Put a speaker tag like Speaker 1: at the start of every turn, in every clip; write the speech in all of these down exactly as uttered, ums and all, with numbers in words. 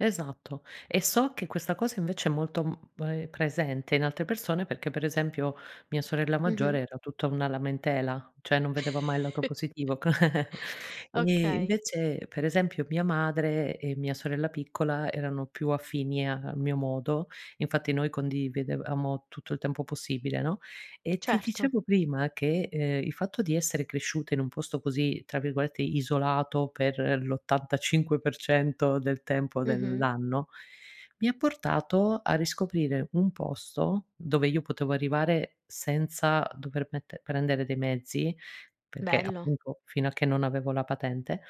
Speaker 1: Esatto. E so che questa cosa invece è molto, mhmm, ehm, presente in altre persone perché per esempio mia sorella
Speaker 2: Mh-mh.
Speaker 1: maggiore era tutta una lamentela, ceh non vedeva mai il lato positivo, c Ehm,
Speaker 2: Okay.
Speaker 1: invece per esempio mia madre e mia sorella piccola erano più affini al mio modo. Infatti noi condividevamo tutto il tempo possibile, no. E ti
Speaker 2: Certo.
Speaker 1: dicevo prima che, ehm, il fatto di essere cresciuta in un posto così, tra virgolette, "isolato" per l'ottantacinque per cento del tempo
Speaker 2: Mh-mh.
Speaker 1: dell'anno, mi ha portato a riscoprire un posto dove io potevo arrivare senza dover mette prendere dei mezzi, perché
Speaker 2: Bello.
Speaker 1: appunto fino a che non avevo la patente,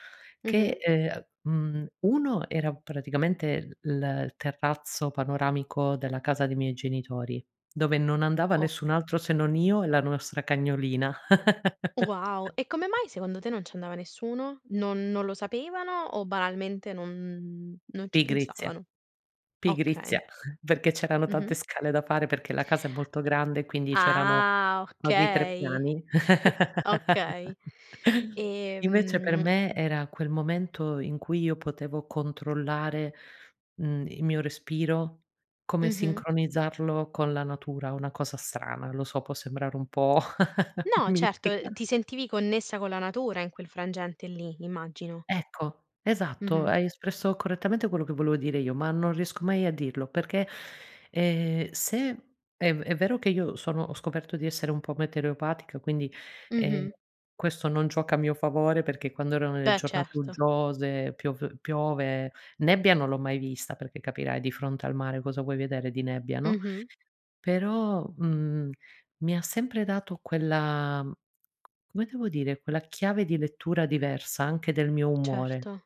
Speaker 2: Mh-mh.
Speaker 1: che, ehm, a mhmm, uno era praticamente, l il terrazzo panoramico della casa dei miei genitori, dove non andava
Speaker 2: O
Speaker 1: nessun altro se non io e la nostra cagnolina.
Speaker 2: Wow! E come mai secondo te non ci andava nessuno? Non non lo sapevano o banalmente non non ci
Speaker 1: Pigrizia.
Speaker 2: pensavano? Okay.
Speaker 1: Pigrizia, perché c'erano tante
Speaker 2: Mh-mh.
Speaker 1: scale da fare, perché la casa è molto grande quindi c'erano
Speaker 2: Ah,
Speaker 1: quasi tre
Speaker 2: okay.
Speaker 1: piani.
Speaker 2: Okay.
Speaker 1: Invece per
Speaker 2: Ehm
Speaker 1: me era quel momento in cui io potevo controllare, mhmm, il mio respiro, come
Speaker 2: Mh-mh.
Speaker 1: sincronizzarlo con la natura, una cosa strana, lo so, può sembrare un po'
Speaker 2: No, certo, ehm,
Speaker 1: mistica.
Speaker 2: ti sentivi connessa con la natura in quel frangente lì, immagino.
Speaker 1: Ecco, esatto,
Speaker 2: Mh-mh.
Speaker 1: hai espresso correttamente quello che volevo dire io, ma non riesco mai a dirlo perché, ehm, se è v è vero che io sono ho scoperto di essere un po' metereopatica quindi, ehm,
Speaker 2: Mh-mh.
Speaker 1: questo non gioca a mio favore perché quando erano le
Speaker 2: Beh,
Speaker 1: giornate
Speaker 2: certo.
Speaker 1: uggiose, piov piove, nebbia non l'ho mai vista perché capirai di fronte al mare cosa vuoi vedere di nebbia, no.
Speaker 2: Mh-mh.
Speaker 1: Però, mhmm, mi ha sempre dato quella come devo dire, quella chiave di lettura diversa anche del mio umore.
Speaker 2: Certo.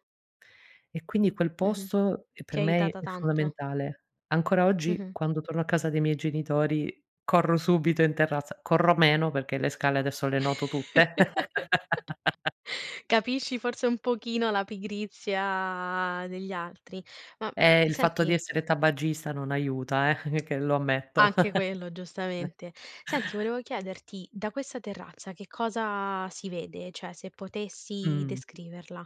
Speaker 1: E quindi quel
Speaker 2: Mh-mh.
Speaker 1: posto è
Speaker 2: Ti
Speaker 1: per
Speaker 2: ha
Speaker 1: me i è
Speaker 2: aiutata tanto.
Speaker 1: fondamentale. Ancora oggi,
Speaker 2: Mh-mh.
Speaker 1: quando torno a casa dei miei genitori corro subito in terrazza, corro meno perché le scale adesso le noto tutte.
Speaker 2: Capisci forse un pochino la pigrizia degli altri. Ma
Speaker 1: Eh, il fatto di
Speaker 2: senti
Speaker 1: essere tabagista non aiuta, eh. Che lo ammetto.
Speaker 2: Anche quello giustamente. Senti volevo chiederti: da questa terrazza che cosa si vede? Cioè se potessi
Speaker 1: Mh.
Speaker 2: descriverla.